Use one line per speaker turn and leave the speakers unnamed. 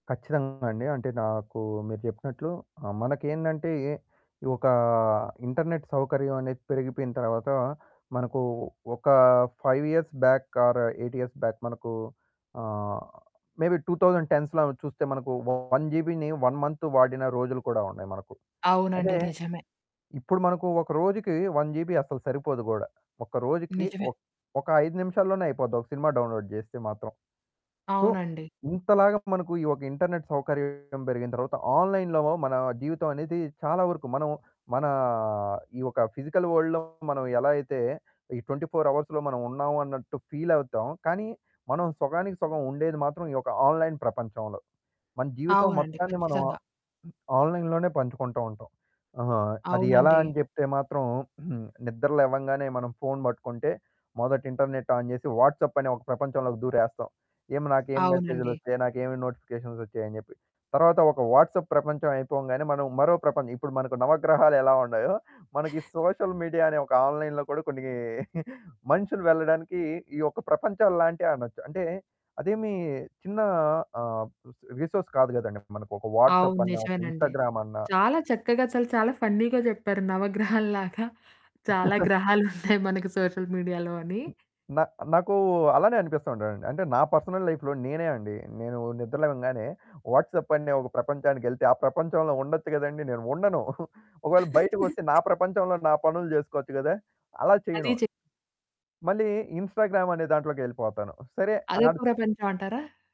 కచ్చితంగా అండి. అంటే నాకు మీరు చెప్పినట్లు ఆహ్, మనకేందంటే, ఎ ఒక ఇంటర్నెట్ సౌకర్యమనేది పెరిగిపోయిన తర్వాత, మనకు ఒక 5 years back, or 8 years back మనకు ఆహ్, మేబీ 2010స్‌లో చూస్తే మనకు 1 జీబీని 1 మంత్ వాడిన రోజులు కూడా ఉన్నాయి మనకు.
అవునండి.
అదే
నిజమే.
ఇప్పుడు మనకు ఒక రోజుకి 1 జీబీ అసలు సరిపోదు కూడా. ఒక రోజుకి
నిజమే.
ఒక్ ఒక 5 నిమిషాల్లోనే అయిపోద్ది ఒక సినిమా డౌన్‌లోడ్ చేస్తే మాత్రం. సో,
అవునండి.
ఇంతలాగా మనకు ఈ ఒక ఇంటర్నెట్ సౌకర్యం పెరిగిన తరువాత, ఆన్‌లైన్‌లో మన జీవితమనేది చాలా వరకు మనం, మన ఈ ఒక ఫిజికల్ వరల్డ్‌లో మనమెలా అయితే ఈ 24 అవర్స్‌లో మనమున్నామన్నట్టు ఫీలవుతాం. కానీ, మనం సొగానికి సొగం ఉండేది మాత్రం ఈ ఒక ఆన్‌లైన్ ప్రపంచంలో. మన జీవితం
అవునండి.
మొత్తాన్ని మనం
ఖచ్చితంగా.
ఆన్‌లైన్ లోనే పంచుకుంటూ ఉంటాం. ఆహా! అది ఎలా
అవునండి.
అని జెప్తే మాత్రం, నిద్ర లేవంగానే మనం ఫోను పట్టుకుంటే, మొదట ఇంటర్నెట్ ఆన్ చేసి, వాట్సాప్ అనే ఒక ప్రపంచంలోకి దూరేస్తాం. ఏం నాకేం
అవునండి.
మెసేజులొచ్చాయి, నాకేమి నోటిఫికేషన్సొచ్చాయి అని చెప్పి. తరువాత ఒక వాట్సాప్ ప్రపంచం అయిపోగానే, మనం మరో ప్రపంచం ఇప్పుడు మనకు నవగ్రహాలు ఎలా ఉన్నాయో, మనకి సోషల్ మీడియా అనే ఒక ఆన్‌లైన్ కూడా కొన్ని మనుషులు వెళ్లడానికి ఈ యొక్క ప్రపంచంలాంటి అనొచ్చు. అంటే అదేమి చిన్న ఆహ్, రిసోర్స్ కాదు కదండీ, మనకు ఒక
అవును.
వాట్సాప్ అన్నా, ఒక
నిజమేనండి.
ఇన్‌స్టాగ్రామ్ అన్నా
చాలా చక్కగా అసలు చాలా ఫన్నీగా చెప్పారు. నవగ్రహాల్లాగా, చాలా గ్రహాలున్నాయి మనకు సోషల్ మీడియాలో అని.
హ్మ్. నా నాకు అలానే అనిపిస్తా ఉంటదండి. అంటే నా పర్సనల్ లైఫ్‌లో నేనే అండి. నేను నిద్రలేవంగానే వాట్సాప్ అనే ఒక ప్రపంచానికెళ్తే, ఆ ప్రపంచంలో ఉండొచ్చు గదండీ నేను ఉండను. ఒకవేళ బయటికొస్తే నా ప్రపంచంలో నా పనులు చేసుకోవచ్చు గదా! అలా
అది
చేయను.
చే
మళ్ళీ ఇన్‌స్టాగ్రామ్ అనే దాంట్లోకెళ్ళిపోతాను. సరే,
అదొక
ఆడూ
ప్రపంచమంటారా?